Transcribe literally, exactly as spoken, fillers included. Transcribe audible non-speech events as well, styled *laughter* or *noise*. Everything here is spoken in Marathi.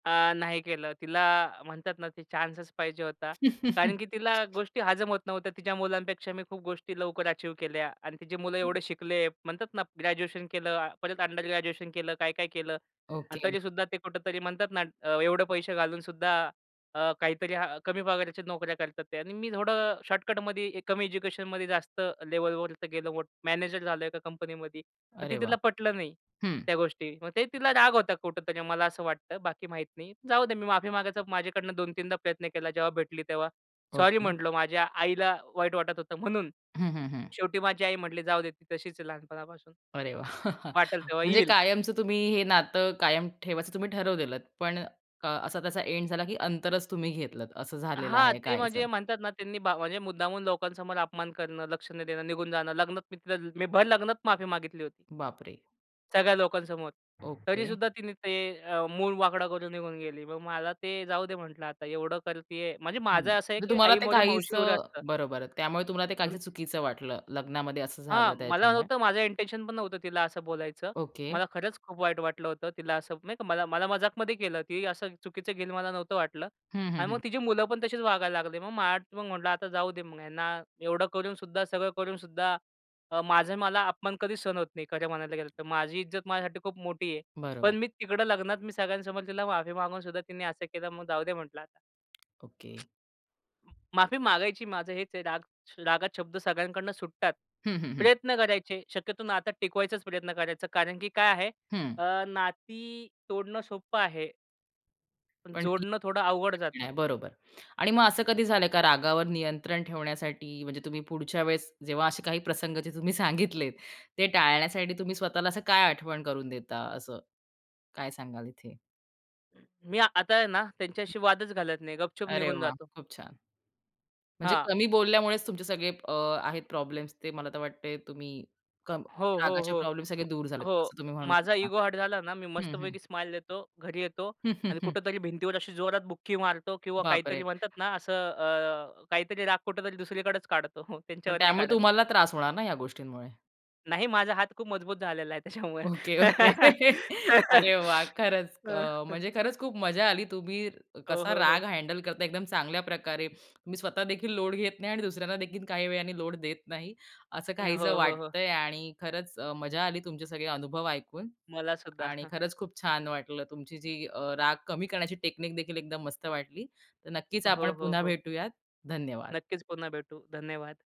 अ, नाही केलं. तिला म्हणतात ना, ते चान्सच पाहिजे होता. कारण *chuckles* की तिला गोष्टी हजम होत नव्हत्या. तिच्या मुलांपेक्षा मी खूप गोष्टी लवकर अचीव्ह केल्या आणि तिची मुलं हं. एवढे शिकले, म्हणतातना ग्रॅज्युएशन केलं, परत अंडर ग्रॅज्युएशन केलं, काय-काय केलं अन् ओके. तरीसुद्धा ते कुठेतरी म्हणतात ना अ, एवढे पैसे घालूनसुद्धा अ, काहीतरी अ, कमी पगाराच्या नोकऱ्या करतात ते आणि मी थोडं शॉर्टकटमध्ये, कमी एज्युकेशनमध्ये जास्त लेव्हलवर गेलो, मॅनेजर झालो एका कंपनीमध्ये, पण ते अरे वाह! तिला पटलं नाही, हं. त्या गोष्टी. मग ते तिला राग होता कुठेतरी, मला असं वाटतं. बाकी माहीत नाही. जाऊदे मी माफी मागायचं माझ्याकडनं दोन तीन प्रयत्न केला. जेव्हा भेटली, तेव्हा सॉरी ओके. म्हंटलो. माझ्या आईला वाईट वाटत होतं म्हणून. हं, हं, हं. शेवटी माझी आई म्हटली, "जाऊदे ती तशीच आहे लहानपणापासून. अरे वाह! वाटेल *chuckles* तेव्हा म्हणजे येईल". कायमचं तुम्ही हे नातं कायम ठेवायचं तुम्ही ठरवलेत, पण अ, असा तसा एंड झाला की अंतरच तुम्ही घेतलंत, असं झालेलं हां, आहे ते काहीसं. म्हणजे म्हणतात ना त्यांनी बा म्हणजे मुद्दामहून लोकांसमोर अपमान करणं, लक्ष न देणं, निघून जाणं, लग्नात मी तिला मी भर लग्नात माफी मागितली होती. बापरे! सगळ्या लोकांसमोर. ओके. तरीसुद्धा तिनी ते अ, मूळ वाकडा करून निघून गेली. मग मला ते जाऊदे म्हंटलं, आता एवढं करतीये, म्हणजे हं, माझं असं आहे, म्हणजे की तुम्हाला आई ते मरो मावशी उरो काहीसं असतं. बरोबर, त्यामुळे तुम्हाला ते काहीसं पण चुकीचं वाटलं, लग्नामध्ये असं हां, झालं मला त्याच्यामुळे. नव्हतं, माझं इंटेन्शन पण नव्हतं तिला असं बोलायचं. ओके. मला खरंच खूप वाईट वाटलं होतं, तिला असं नाही का. मला मला, मजाकमध्ये केलं ती असं चुकीचं घेईल, मला नव्हतं वाटलं हं, हं, आणि मग हं. तिची मुलं पण तशीच वागायला लागली. मग मला पण म्हंटल, आता जाऊ दे मग, ह्यांना एवढं करूनसुद्धा, सगळं करूनसुद्धा अ, माझं मला अपमान कधीच सहन होत नाही खरं म्हणायला गेलं तर. माझी इज्जत माझ्यासाठी खूप मोठी आहे, बरोबर. पण मी तिकडं लग्नात मी सगळ्यांसमोर तिला माफी मागूनसुद्धा तिने असं केलं, मग जाऊदे म्हंटलं आता. ओके. माफी मागायची माझं हेच आहे राग श रागात शब्द सगळ्यांकडनं सुटतात. हं, हं, हं. प्रयत्न करायचे, शक्यतो नातं टिकवायचाच प्रयत्न करायचा, कारण की काय आहे हं. अ, नाती तोडणं सोपं आहे. पण पण ती जोडणं थोडं अवघड ऐकत जातं. नाही बरोबर आणि मग असं कधी झालंय का रागावर नियंत्रण ठेवण्यासाठी म्हणजे तुम्ही पुढच्या वेळेस, जेव्हा असे काही प्रसंग जे तुम्ही सांगितलेत, ते टाळण्यासाठी तुम्ही स्वतःला असं काय आठवण करून देता असं, काय सांगाल इथे? मी आता आहे ना त्यांच्याशी वादच घालत नाही. गपचूप अरे निघून वाह! जातो. खूप छान. म्हणजे हां. कमी बोलल्यामुळेच तुमचे सगळे अ, आहेत प्रॉब्लेम्स ते मला तर वाटतंय तुम्ही कम हो, हो, रागाचे हो, प्रॉब्लेम्स सगळे मग दूर झालेत, हो, असं तुम्ही म्हणू माझा शकता. इगो हार्ट झाला ना, मी हं, हं. मस्तपैकी स्माईल देतो, घरी येतो हं, हं, आणि हं. कुठेतरी भिंतीवर अशी जोरात बुखी मारतो किंवा काहीतरी बापरे! म्हणतात ना असं अ, काहीतरी राग कुठेतरी दुसरीकडेच काढतो, *chuckles* पण त्यांच्यावर नाही त्यामुळे काढत. तुम्हाला त्रास होणार ना या गोष्टींमुळे. नाही. माझा हात खूप मजबूत झालेला आहे त्याच्यामुळे. Okay, okay. अरे वाह! खरंच क अ, *giggles* म्हणजे खरंच खूप मजा आली तुम्ही क हो, कसा हो, हो. राग हँडल करता एकदम चांगल्या प्रकारे. तुम्ही स्वतः देखील लोड घेत नाही आणि दुसऱ्यांनादेखील काही वेळाने लोड देत नाही, असं अ, काहीसं हो, हो, हो. वाटतंय आणि खरंच अ, मजा आली तुमचे सगळे अनुभव ऐकून मलासुद्धा. आणि *chuckles* खरंच खूप छान वाटलं तुमची जी अ, राग कमी करण्याची टेकनिकदेखील एकदम मस्त वाटली. तर नक्कीच आपण हो, हो, पुन्हा हो. भेटूयात. धन्यवाद. नक्कीच पुन्हा भेटू. धन्यवाद.